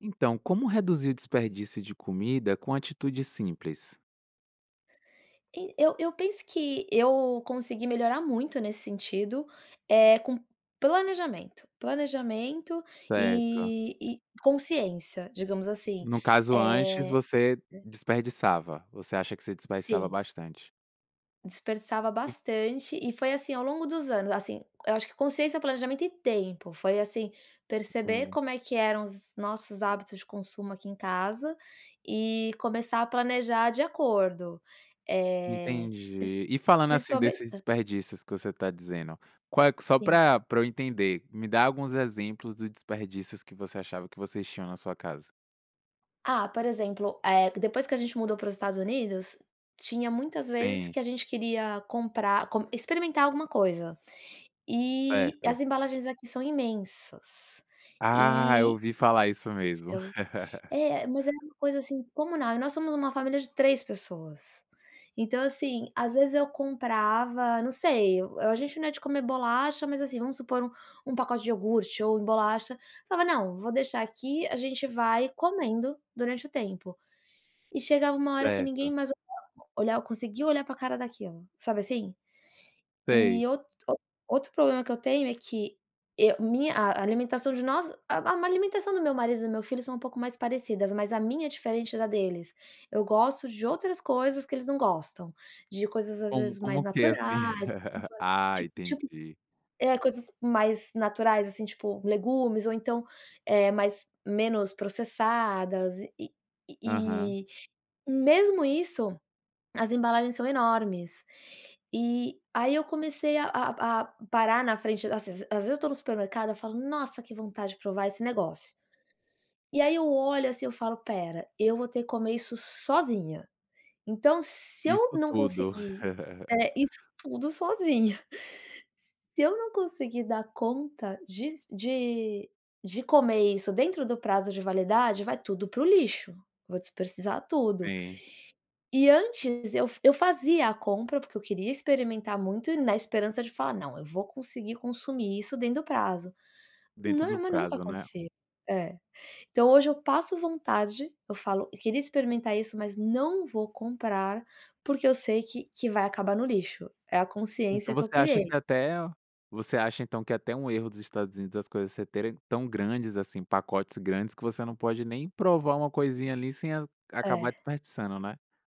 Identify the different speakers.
Speaker 1: Então, como reduzir o desperdício de comida com atitudes simples?
Speaker 2: E eu eu penso que eu consegui melhorar muito nesse sentido, eh, com planejamento, planejamento
Speaker 1: Certo.
Speaker 2: e e consciência, digamos assim.
Speaker 1: No caso, antes
Speaker 2: Eh
Speaker 1: você
Speaker 2: [unintelligible]
Speaker 1: desperdiçava, você acha que você desperdiçava
Speaker 2: Sim.
Speaker 1: bastante.
Speaker 2: Desperdiçava
Speaker 1: [unintelligible]
Speaker 2: bastante e foi assim ao longo dos anos, assim, eu acho que consciência, planejamento e tempo, foi, assim, perceber
Speaker 1: Entendi.
Speaker 2: como é que eram os nossos hábitos de consumo aqui em casa e começar a planejar de acordo, eh, princi
Speaker 1: Entendi, e falando, assim,
Speaker 2: principalmen
Speaker 1: desses
Speaker 2: Hã
Speaker 1: desperdícios que você tá dizendo, qual é que só
Speaker 2: Sim.
Speaker 1: pra pra eu entender, me dá alguns exemplos do desperdícios que você achava que vocês tinham na sua casa.
Speaker 2: Ah, por exemplo, eh, depois que a gente mudou para os Estados Unidos, tinha muitas vezes
Speaker 1: Sim.
Speaker 2: que a gente queria comprar, com experimentar alguma coisa. E as
Speaker 1: Certo.
Speaker 2: embalagens aqui são imensas.
Speaker 1: Ah, eu
Speaker 2: E
Speaker 1: ouvi falar isso mesmo.
Speaker 2: são, é, mas é uma coisa, assim, comunal, e nós somos uma família de 3 pessoas. Então, assim, às vezes eu comprava, não sei, eu eh, a gente não é de comer bolacha, mas, assim, vamos supor um um pacote de iogurte ou bolacha, falava: "Não, vou deixar aqui, a gente vai comendo durante o tempo". E chegava uma hora que ninguém
Speaker 1: Certo.
Speaker 2: mais [unintelligible] olhar conseguia olhar pra cara daquilo, sabe assim?
Speaker 1: Sei.
Speaker 2: E out [unintelligible] outro problema que eu tenho é que eu minha a alimentação de nós, a a alimentação do meu marido e do meu filho são um pouco mais parecidas, mas a minha é diferente da deles. Eu gosto de outras coisas que eles não gostam, de coisas às
Speaker 1: Como
Speaker 2: vezes
Speaker 1: como
Speaker 2: mais
Speaker 1: que é assim?
Speaker 2: naturais, [unintelligible]
Speaker 1: Ah,
Speaker 2: tipo tipo,
Speaker 1: entendi.
Speaker 2: é, coisas mais naturais, assim, tipo, legumes ou, então, eh, mais menos processadas e e
Speaker 1: Aham.
Speaker 2: e e, hum, mesmo isso, as embalagens são enormes. E aí eu comecei a a a parar na frente das ses às vezes eu tô no supermercado eu falo: "Nossa! Que vontade de provar esse negócio." E aí eu olho assim, eu falo: "Espera, eu vou ter que comer isso sozinha. Então, se eu
Speaker 1: Isso
Speaker 2: não
Speaker 1: tudo.
Speaker 2: conseguir, é isso tudo sozinha. Se eu não conseguir dar conta disso des de de comer isso dentro do prazo de validade, vai tudo para o lixo, vou desperdiçar tudo".
Speaker 1: Sim.
Speaker 2: E antes eu f eu fazia a compra, porque eu queria experimentar muito na esperança de falar: "Não, eu vou conseguir consumir isso dentro do prazo".
Speaker 1: Dentro
Speaker 2: Nor
Speaker 1: do
Speaker 2: mas nunca
Speaker 1: prazo, né?
Speaker 2: acontecia, é. Então, hoje eu passo vontade, eu falo: "Eu queria experimentar isso, mas não vou comprar, porque eu sei que que vai acabar no lixo". É a
Speaker 1: Então,
Speaker 2: consciência que eu
Speaker 1: você acha
Speaker 2: criei.
Speaker 1: que é até você acha, então, que é até um erro dos Estados Unidos das coisas ser terem tão grandes, assim, pacotes grandes que você não pode nem provar uma coisinha ali sem a acabar
Speaker 2: É.
Speaker 1: desperdiçando, né?